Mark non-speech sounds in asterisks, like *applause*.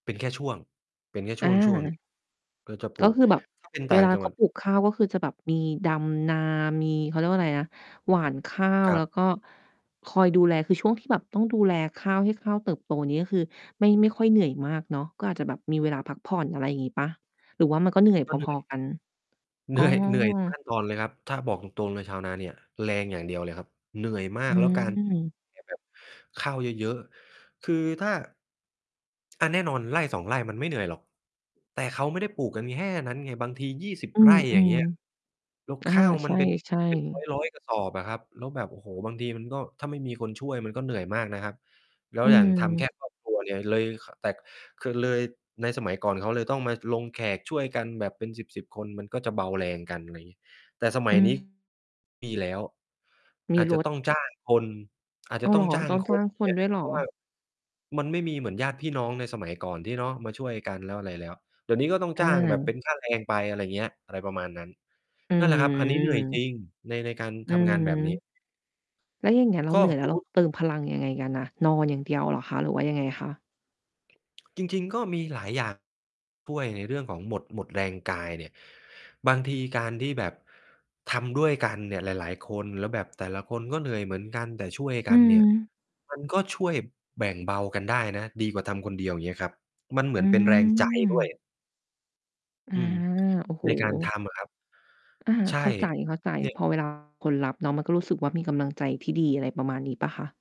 เป็นแค่ช่วง เป็นแค่ชอ่วง ๆ หนึา ่ง ก็จะปลก็ูก คือแบบถ้า เป็นตเว่างลาจังเขหวัาด ปลูกข้าว ก็คือจะแบบมีดำนา มี เขาเรียกว่าไรนะ หว่านข้าว ครัแลบ ้วก็คอยดูแล คือช่วงที่แบบต้องดูแลข้าว ให้ข้าวเติบโตนี่ ก็คือไม่ ไม่ค่อยเหนื่อยมากเนาะ ก็อาจจะแบบมีเวลาพักผ่อน อะไรงี้เปล่า? หรือว่ามันก็เหนื่อยกพ็เหนื่อ อย ๆ กัน? เหอน๋ือ ่อย เหนื่อย ทุกขั้นตอน เลยครับ ถ้า บอกตรง ๆ เลยชาวนาเนี่ยแรงอย่างเดียวเลยครับ เหนื่อยมาอืก แล้วการ ม *unintelligible* เนี่ยแบบ ข้าวเยอะ ๆ คือถ้า อะ แน่นอน 1-2 ไร่ มันไม่เหนื่อยหรอก แต่เขาไม่ได้ปลูกกัน น แค่ นั้นไง บางที 20 อืไร่ อย่าง เงอ ี้ย แล้วๆ อา ข้าวใมัน เป็น ช่ เป็นๆ ร้อย ๆ กระสอบ อะครับ แล้วแบบ โอ้โฮ บางทีมันก็ ถ้าไม่มีคนช่วย มันก็เหนื่อยมากนะครับ แล้อวือย่างทำ แคม ่ครอบครัว เนี่ย เลย ค แต่ คือเลย ในสมัยก่อนเขาก็เลยต้องมาลงแขกช่วยกันแบบเป็นสิบ ๆ คน มันก็จะเบาแรงกัน อะไรงี้ แต่สมอัืยนม ี้ ค มีแล้ว มีอาจรจะถ ต้อง จ้างคน อาจอจ้ะาว เตห้รองอ? จ้าตง ้องจค้าน งคเนงี้ย ด้วยเหรเอ? พราะว่า มันไม่มีเหมือนญาติพี่น้องในสมัยก่อนที่ เนาะ มาช่วยกันแล้ว อะไรแล้ว เดี๋ยวนี้ก็ต้องอจ้างแบบเป็า นค่าแรงไป อะไรเงี้ย อะไรประมาณนั้น อนั่นแหละครับ อันนี้เหนื่อยจรืม ิงใน ในการอืทอำงฮานแบบนีึ ้ แล้วอย่างเงี้ย เรกา็ เหนื่อย แสล้วมเรมาติ เติมพลังยังไงกันน่ะ? นอนอย่างเดียวเหรอคะ? หรือว่ายังไงคะ? จริง ๆ ก็มีหลายอย่าง ช่วยในเรื่องของหมด หมดแรงกายเนี่ย บางทีการที่แบบทำด้วยกันเนี่ยหลาย ๆ คน แล้วแบบแต่ละคนก็เหนื่อยเหมือนกัน แต่ช่วยอกืันเนี่ย ม มัน ก็ช่วยแบ่งเบากันได้นะ ดีกว่าทำคนเดียว เงี้ยครับ มันเหมอือนเป็นแรง ใจด้วย ืม อา อืม โอ้โฮ ในการทำ อะครับ อา ใช่ เข้าใจ เนี่ย ๆ พอ เวลา คนรับเนาะ มันก็รู้สึกว่า มีกำลังใจที่ดี อะไรประมาณนี้เปล่าคะ?